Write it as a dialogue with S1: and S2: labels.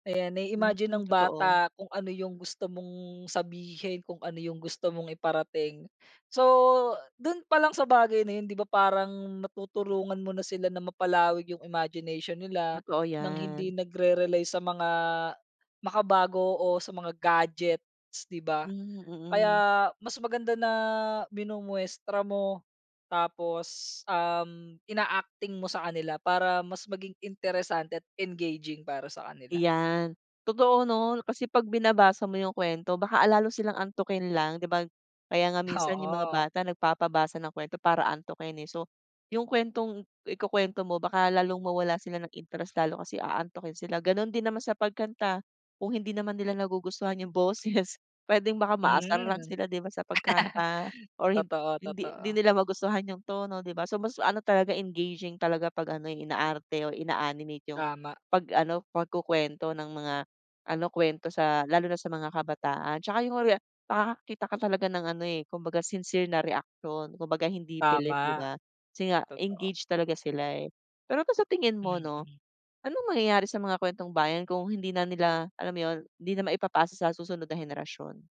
S1: Ayan,
S2: Hmm,
S1: nai-imagine ng
S2: totoo.
S1: bata kung ano yung gusto mong sabihin, kung ano yung gusto mong iparating. So, do'n pa lang sa bagay na yun di ba parang natutulungan mo na sila na mapalawig yung imagination nila
S2: Totoo
S1: ng hindi
S2: yan.
S1: nagre-rely sa mga makabago o sa mga gadgets di ba?
S2: Hmm, mm.
S1: Kaya mas maganda na minumuestra mo tapos, um, ina-acting mo sa kanila para mas maging interesante at engaging para sa kanila.
S2: Iyan. Totoo 'no, kasi pag binabasa mo yung kuwento baka a lalo silang antukin lang di ba? Kaya nga minsan yung mga
S1: Oo.
S2: bata nagpapabasa ng kuwento para antukin, eh. So, yung kuwentong ikukwento mo baka lalong mawalan sila ng interest lalo, kasi aantukin sila. Gano'n din naman sa pagkanta kung hindi naman nila nagugustuhan yung boses puwedeng baka
S1: Hmm.
S2: maasar lang sila di ba, sa pagkanta or hind
S1: Totoo,
S2: hindi
S1: totoo.
S2: hindi nila magustuhan yung tono di ba? So mas ano talaga engaging talaga pag ano, eh, inaarte o ina-animate yung
S1: Tama.
S2: pag ano pagkukwento ng mga ano kwento sa lalo na sa mga kabataan 'tsaka yung rea nakakakita ka talaga ng ano, eh, kumbaga sincere na reaksyon kumbaga hindi pilit di
S1: Tama,
S2: ba, kasi nga
S1: totoo.
S2: engage talaga sila, eh. Pero ba sa tingin mo 'no,
S1: Mm.
S2: anong mangyayari sa mga kuwentong bayan kung hindi na nila alam yun, hindi na maipapasa sa susunod na henerasyon?